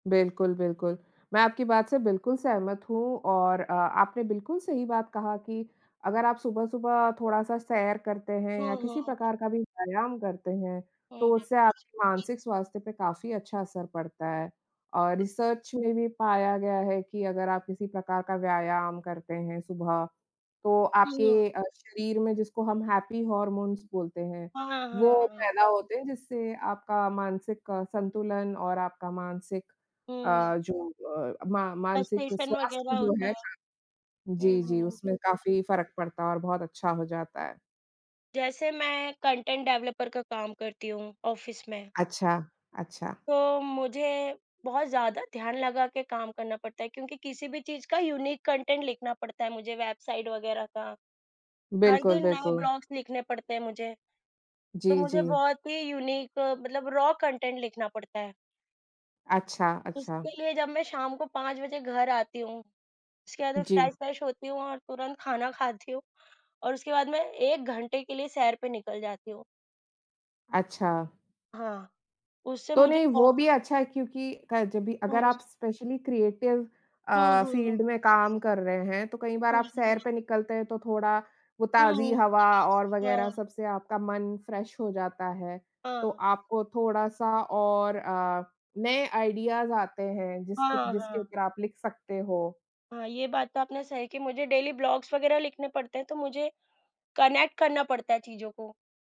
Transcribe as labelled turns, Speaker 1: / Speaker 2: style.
Speaker 1: बिल्कुल, बिल्कुल। मैं आपकी बात से बिल्कुल सहमत हूँ और अ, आपने बिल्कुल सही बात कहा कि अगर आप सुबह-सुबह थोड़ा-सा सैर करते हैं या
Speaker 2: हाँ,
Speaker 1: किसी
Speaker 2: हाँ।
Speaker 1: प्रकार का भी व्यायाम करते हैं,
Speaker 2: हाँ,
Speaker 1: तो
Speaker 2: हाँ।
Speaker 1: उससे आपकी मानसिक स्वास्थ्य पे काफ़ी अच्छा असर पड़ता है। और रिसर्च में भी पाया गया है कि अगर आप किसी प्रकार का व्यायाम करते हैं सुबह, तो
Speaker 2: हुँ, हाँ।
Speaker 1: आपके अ, शरीर में, जिसको हम हैपी हॉर्मोन्स बोलते हैं,
Speaker 2: हाँ, हाँ,
Speaker 1: वो
Speaker 2: हाँ।
Speaker 1: पैदा होते हैं जिससे आपका मानसिक अ, संतुलन और आपका मानसिक
Speaker 2: हुँ।
Speaker 1: अ, जो अ, मा मानसिक
Speaker 2: फ्रस्ट्रेशन वग़ैरह
Speaker 1: स्वास्थ्य जो
Speaker 2: होता
Speaker 1: है
Speaker 2: है।
Speaker 1: हाँ,
Speaker 2: हुँ,
Speaker 1: जी, जी,
Speaker 2: हुँ।
Speaker 1: उसमें काफ़ी फ़र्क पड़ता और बहुत अच्छा हो जाता है।
Speaker 2: जैसे मैं कॉन्टेंट डेवलपर का काम करती हूँ, ऑफ़िस में।
Speaker 1: अच्छा, अच्छा।
Speaker 2: तो मुझे बहुत ज़्यादा ध्यान लगा के काम करना पड़ता है क्योंकि किसी भी चीज़ का यूनीक कॉन्टेंट लिखना पड़ता है मुझे, वेबसाइट वग़ैरह का। हर
Speaker 1: बिल्कुल,
Speaker 2: दिन नए
Speaker 1: बिल्कु
Speaker 2: ब्लॉग्स लिखने पड़ते हैं मुझे। तो
Speaker 1: जी,
Speaker 2: मुझे
Speaker 1: जी।
Speaker 2: बहुत ही यूनीक अ, मतलब रॉ कॉन्टेंट लिखना पड़ता है।
Speaker 1: अच्छा, अच्छा।
Speaker 2: उसके लिए जब मैं शाम को 5 बजे घर आती हूँ, उसके बाद मैं
Speaker 1: जी।
Speaker 2: फ्रेश-वेश होती हूँ और तुरंत खाना खाती हूँ, और उसके बाद मैं 1 घंटे के लिए सैर पे निकल जाती हूँ।
Speaker 1: अच्छा।
Speaker 2: हाँ, उससे
Speaker 1: तो,
Speaker 2: मुझे
Speaker 1: नहीं, वो
Speaker 2: बहुत
Speaker 1: भी अच्छा है
Speaker 2: [unintelligible]
Speaker 1: क्योंकि क जब भी
Speaker 2: हुँ,
Speaker 1: अगर आप
Speaker 2: हुँ।
Speaker 1: स्पेशली क्रिएटिव
Speaker 2: हुँ,
Speaker 1: अ,
Speaker 2: हुँ, हुँ।
Speaker 1: फ़ील्ड में काम कर रहे हैं, तो कई बार
Speaker 2: हुँ, उ,
Speaker 1: आप सैर
Speaker 2: हुँ।
Speaker 1: पे निकलते हैं, तो थोड़ा वो
Speaker 2: हुँ,
Speaker 1: ताज़ी
Speaker 2: हुँ।
Speaker 1: हवा और वग़ैरह
Speaker 2: हाँ।
Speaker 1: सबसे आपका मन फ्रेश हो जाता है। तो
Speaker 2: हाँ।
Speaker 1: आपको थोड़ा-सा और अ, नए आइडियाज़ आते हैं,
Speaker 2: हाँ,
Speaker 1: जिसकी त
Speaker 2: हाँ,
Speaker 1: जिसके
Speaker 2: हाँ।
Speaker 1: ऊपर आप लिख सकते हो।
Speaker 2: हाँ, ये बात तो आपने सही कही। मुझे डेली ब्लॉग्स वग़ैरह लिखने पड़ते हैं, तो मुझे कनेक्ट करना पड़ता है चीज़ों को।